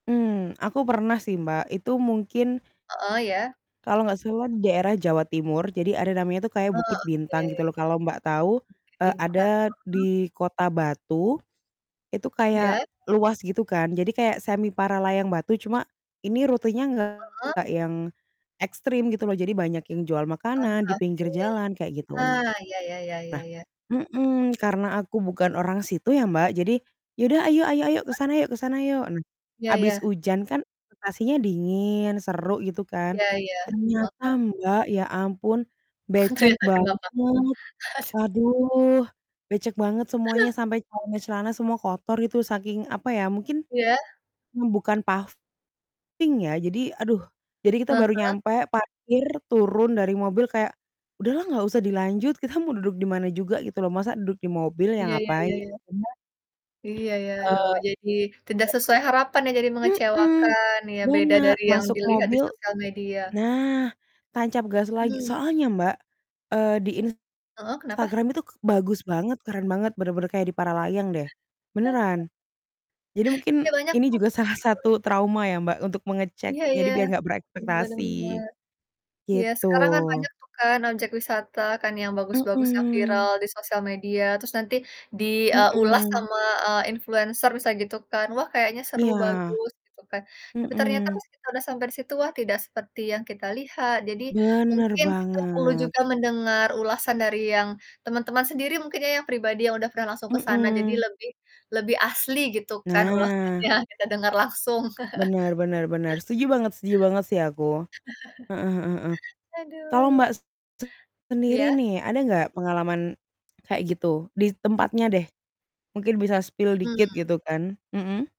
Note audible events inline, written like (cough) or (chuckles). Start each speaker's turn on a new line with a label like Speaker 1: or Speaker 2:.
Speaker 1: Mmm, aku pernah sih Mbak itu mungkin
Speaker 2: Heeh iya.
Speaker 1: kalau nggak salah di daerah Jawa Timur jadi ada namanya tuh kayak
Speaker 2: Oh
Speaker 1: Bukit
Speaker 2: oke.
Speaker 1: Bintang gitu loh kalau Mbak tahu,
Speaker 2: Bukit
Speaker 1: eee,
Speaker 2: Bintang,
Speaker 1: ada
Speaker 2: mm.
Speaker 1: di kota Batu. Itu
Speaker 2: Iya.
Speaker 1: kayak luas gitu kan, jadi kayak semi Paralayang Batu, cuma ini rutenya
Speaker 2: Heeh.
Speaker 1: nggak yang ekstrim gitu loh, jadi banyak yang jual
Speaker 2: Ah
Speaker 1: makanan di pinggir
Speaker 2: oke.
Speaker 1: jalan kayak gitu,
Speaker 2: Ah
Speaker 1: nah
Speaker 2: ya ya ya ya ya.
Speaker 1: mhm, karena aku bukan orang situ ya Mbak, jadi, "Ya udah ayo ayo ayo, ke
Speaker 2: Iya.
Speaker 1: sana yuk ke sana yuk,"
Speaker 2: Ya
Speaker 1: habis
Speaker 2: ya.
Speaker 1: hujan kan situasinya dingin, seru gitu kan.
Speaker 2: Ya ya,
Speaker 1: Ternyata
Speaker 2: heeh.
Speaker 1: Mbak ya ampun,
Speaker 2: (chuckles)
Speaker 1: becek
Speaker 2: Ternyata
Speaker 1: banget,
Speaker 2: kenapa? Aduh.
Speaker 1: aduh becek banget semuanya sampai celana-celana semua kotor gitu saking apa ya, mungkin,
Speaker 2: Iya.
Speaker 1: mmm, bukan paving ya, jadi aduh. Jadi kita
Speaker 2: Ah
Speaker 1: baru
Speaker 2: hah.
Speaker 1: nyampe parkir, turun dari mobil kayak, udahlah nggak usah dilanjut, kita mau duduk di mana juga gitu loh, masa duduk di mobil, ya
Speaker 2: Ya ya
Speaker 1: ngapain
Speaker 2: ya ya.
Speaker 1: cuma
Speaker 2: Iya ya, aduh
Speaker 1: eee,
Speaker 2: jadi tidak
Speaker 1: udah
Speaker 2: sesuai harapan ya, jadi
Speaker 1: Mhm,
Speaker 2: mengecewakan ya beda
Speaker 1: bener,
Speaker 2: dari yang
Speaker 1: masuk
Speaker 2: dilihat di
Speaker 1: mobil
Speaker 2: sosial media.
Speaker 1: nah tancap gas lagi,
Speaker 2: Mmm.
Speaker 1: soalnya Mbak, eee, di
Speaker 2: Heeh kenapa?
Speaker 1: Instagram itu k bagus banget, keren banget bener-bener kayak di Paralayang deh
Speaker 2: (chuckles)
Speaker 1: beneran. Jadi mungkin
Speaker 2: Iya, banyak
Speaker 1: ini
Speaker 2: tuh.
Speaker 1: juga salah
Speaker 2: Heeh.
Speaker 1: satu trauma ya Mbak untuk mengecek
Speaker 2: Iya
Speaker 1: jadi
Speaker 2: iya.
Speaker 1: biar gak
Speaker 2: Bener
Speaker 1: berekspektasi.
Speaker 2: bener. Iya
Speaker 1: Gitu.
Speaker 2: sekarang kan banyak tuh kan objek wisata kan yang bagus-bagus yang viral
Speaker 1: Mhm.
Speaker 2: di sosial media, terus nanti di, eee, ulas
Speaker 1: Mhm.
Speaker 2: sama, eee, influencer bisa gitu kan, wah kayaknya seru
Speaker 1: Iya.
Speaker 2: bagus gitu kan. Tapi ternyata
Speaker 1: Mhm.
Speaker 2: pas kita udah sampai situ wah tidak seperti yang kita lihat, jadi
Speaker 1: Bener
Speaker 2: mungkin kita perlu
Speaker 1: banget.
Speaker 2: juga mendengar ulasan dari yang teman-teman sendiri mungkin ya, yang pribadi yang udah pernah langsung ke sana jadi
Speaker 1: Mhm.
Speaker 2: lebih lebih asli gitu kan
Speaker 1: Nah.
Speaker 2: ulasannya kita dengar langsung. (chuckles)
Speaker 1: Bener bener bener. Setuju banget setuju banget sih aku. Heeh heeh heeh.
Speaker 2: (chuckles)
Speaker 1: Kalau
Speaker 2: Aduh.
Speaker 1: Mbak sendiri
Speaker 2: Iya.
Speaker 1: nih ada nggak pengalaman kayak gitu? Di tempatnya deh, mungkin bisa spill dikit
Speaker 2: Mmm.
Speaker 1: gitu kan. Mhm.